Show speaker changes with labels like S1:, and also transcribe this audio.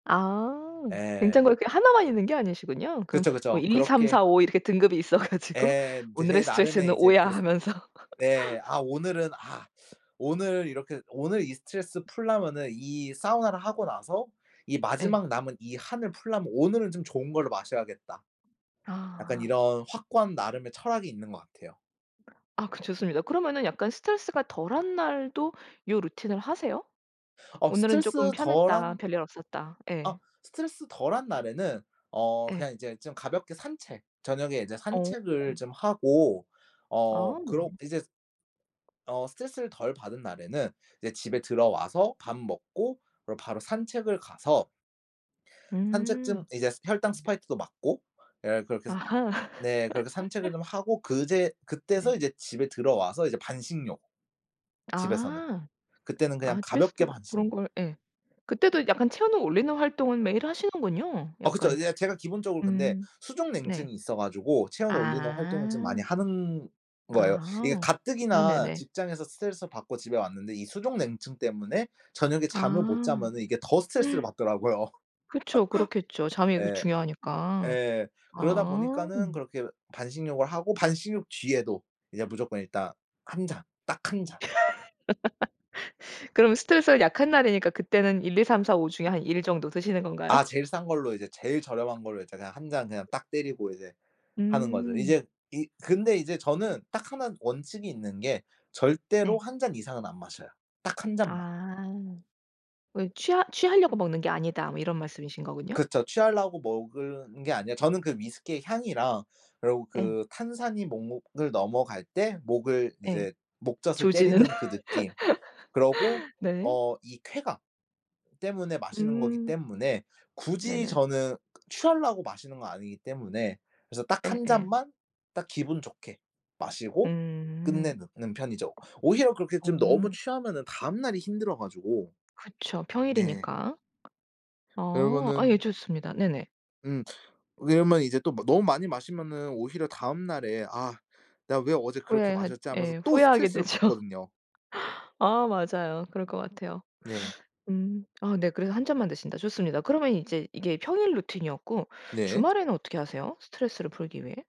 S1: 아. 냉장고에
S2: 예.
S1: 그게 1 만 있는 게 아니시군요. 그럼
S2: 그쵸,
S1: 뭐
S2: 그쵸. 그렇게
S1: 1, 2, 3, 4, 5 이렇게 등급이 있어 가지고
S2: 예.
S1: 오늘의
S2: 제 나름의
S1: 스트레스는 5
S2: 이제
S1: 야
S2: 그
S1: 하면서
S2: 네. 아 오늘은 아 오늘 이렇게 오늘 이 스트레스 풀려면은 이 사우나를 하고 나서 이
S1: 예.
S2: 마지막 남은 이 한을 풀려면 '오늘은 좀 좋은 걸로 마셔야겠다.' 약간
S1: 아.
S2: 이런 확고한 나름의 철학이 있는 것 같아요.
S1: 아 그 좋습니다. 그러면은 약간 스트레스가 덜 한 날도 요 루틴을 하세요?
S2: 어
S1: '오늘은 쪼끔
S2: 스트레스 덜
S1: 편했다.
S2: 한
S1: 별일 없었다.'
S2: 아.
S1: 예.
S2: 스트레스 덜 한 날에는 어
S1: 예.
S2: 그냥 이제 좀 가볍게 산책 저녁에 이제
S1: 어.
S2: 산책을 좀 하고 어
S1: 아 네.
S2: 그러 이제 어 스트레스를 덜 받은 날에는 이제 집에 들어와서 밥 먹고 그리고 바로 산책을 가서 산책 중
S1: 음.
S2: 이제 스 혈당 스파이크도 막고 예 그렇게 해서
S1: 아하.
S2: 네 그렇게 산책을 좀 하고 그제
S1: 네.
S2: 그때서 이제 집에 들어와서 이제 반신욕. 집에서는.
S1: 아.
S2: 그때는 그냥
S1: 아
S2: 가볍게
S1: 집에서도 그런
S2: 반신욕.
S1: 걸 예. 그때도 약간 체온을 올리는 활동은 매일 하시는군요.
S2: 아 그쵸.
S1: 약간
S2: 예 제가 기본적으로 근데
S1: 음 네.
S2: 수족냉증이 있어 가지고 체온을 올리는 활동을 좀
S1: 아.
S2: 많이 하는 거예요. 이게
S1: 아. 아
S2: 가뜩이나
S1: 네네.
S2: 직장에서 스트레스를 받고 집에 왔는데 이 수족냉증 때문에 저녁에 잠을 못
S1: 아.
S2: 자면은 이게 더 스트레스를 받더라고요.
S1: 그쵸. 그렇겠죠. 잠이 그
S2: 예.
S1: 중요하니까.
S2: 예. 그러다
S1: 아.
S2: 보니까는 그렇게 반신욕을 하고 반신욕 뒤에도 이제 무조건 일단 1 잔 딱 1 잔.
S1: 그럼 스트레스가 약한 날이니까 그때는 1, 2, 3, 4, 5 중에 한 1 정도 드시는 건가요?
S2: 아 제일 싼 걸로 이제 제일 저렴한 걸로 이제 그냥 1 잔 그냥 딱 때리고 이제 하는 거죠.
S1: 음.
S2: 이제 이 근데 이제 저는 딱 1 원칙이 있는 게 절대로
S1: 네.
S2: 1 잔 이상은 안 마셔요. 딱 1 잔만.
S1: "아. 왜 취하 취하려고 먹는 게 아니다." 뭐 이런 말씀이신 거군요?
S2: 그쵸. 취하려고 먹을 은 게 아니라 저는 그 위스키의 향이랑 그러고
S1: 예.
S2: 그 탄산이 목 목을 넘어갈 때 목을
S1: 예.
S2: 이제 목젖을
S1: 조지는
S2: 때리는 그 느낌 그러고
S1: 네.
S2: 어 이 쾌감 때문에 마시는 거기
S1: 음.
S2: 때문에 굳이
S1: 네네.
S2: 저는 취하려고 마시는 건 아니기 때문에 그래서 딱 1
S1: 예예.
S2: 잔만 딱 기분 좋게 마시고
S1: 음.
S2: 끝내는 는 편이죠. 오히려 그렇게 좀 너무
S1: 어.
S2: 취하면은 다음 날이 힘들어 가지고.
S1: 그쵸.
S2: 네.
S1: 평일이니까. 아. 아 예
S2: 그러면은 [unintelligible]
S1: 좋습니다. 네네.
S2: 음. 왜냐하면 이제 또 마 너무 많이 마시면은 오히려 다음 날에 '아 내가 왜 어제 그렇게
S1: 후회하
S2: 마셨지.' 하면서
S1: 예
S2: 또
S1: 후회하게
S2: 스트레스를
S1: 되죠.
S2: 받거든요.
S1: 아 맞아요. 그럴 것 같아요.
S2: 네.
S1: 음. 아 네 그래서 1 잔만 드신다. 좋습니다. 그러면 이제 이게 평일 루틴이었고
S2: 네.
S1: 주말에는 어떻게 하세요 스트레스를 풀기 위해?